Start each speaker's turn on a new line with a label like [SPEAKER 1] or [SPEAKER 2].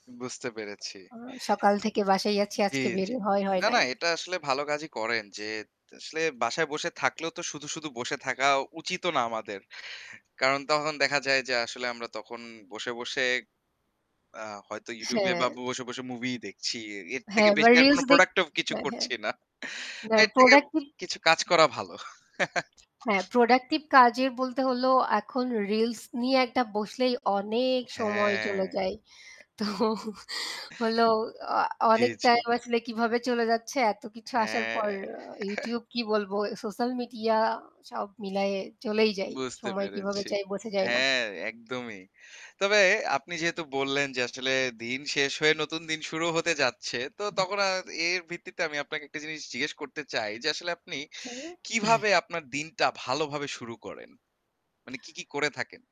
[SPEAKER 1] বুঝতে পেরেছি।
[SPEAKER 2] সকাল থেকে বাসায়ই আছি,
[SPEAKER 1] অ্যা জ্বি,
[SPEAKER 2] আজকে বের
[SPEAKER 1] জ্বি।
[SPEAKER 2] হয় হয়
[SPEAKER 1] না, না,
[SPEAKER 2] নাই।
[SPEAKER 1] এটা আসলে ভালো কাজই করেন। যে আসলে বাসায় বসে থাকলেও তো শুধু, শুধু বসে থাকা উচিতও না আমাদের। কারণ তখন দেখা যায় যে আসলে আমরা তখন বসে, বসে আ হয়তো YouTube এ
[SPEAKER 2] হ্যাঁ।
[SPEAKER 1] বা বসে, বসে movie ই দেখছি। এ এর থেকে
[SPEAKER 2] হ্যাঁ বা
[SPEAKER 1] বেশি আর কোন
[SPEAKER 2] reels দেখ
[SPEAKER 1] productive কিছু
[SPEAKER 2] হ্যাঁ, হ্যাঁ।
[SPEAKER 1] করছি না।
[SPEAKER 2] আপনার
[SPEAKER 1] এর থেকে
[SPEAKER 2] productive
[SPEAKER 1] কিছু কাজ করা ভালো।
[SPEAKER 2] হ্যাঁ, productive কাজের বলতে হল এখন reels নিয়ে একটা বসলেই অনেক সময়
[SPEAKER 1] হ্যাঁ।
[SPEAKER 2] চলে যায়। তো হলো আ
[SPEAKER 1] জ্বি,
[SPEAKER 2] অনেক
[SPEAKER 1] জ্বি।
[SPEAKER 2] time আসলে কিভাবে চলে যাচ্ছে এত কিছু আসার
[SPEAKER 1] হ্যাঁ।
[SPEAKER 2] পর। আ YouTube কি বলবো social media সব মিলায়ে চলেই যাই।
[SPEAKER 1] বুঝতে
[SPEAKER 2] সময় কিভাবে
[SPEAKER 1] পেরেছি।
[SPEAKER 2] যায় বোঝা যায় না।
[SPEAKER 1] হ্যাঁ, একদমই। তবে আপনি যেহেতু বললেন যে আসলে দিন শেষ হয়ে নতুন দিন শুরু হতে যাচ্ছে। তো তখন আর এর ভিত্তিতে আমি আপনাকে একটা জিনিস জিজ্ঞেস করতে চাই, যে আসলে আপনি কিভাবে
[SPEAKER 2] [unintelligible]
[SPEAKER 1] আপনার দিনটা ভালোভাবে শুরু করেন? মানে কি, কি করে থাকেন।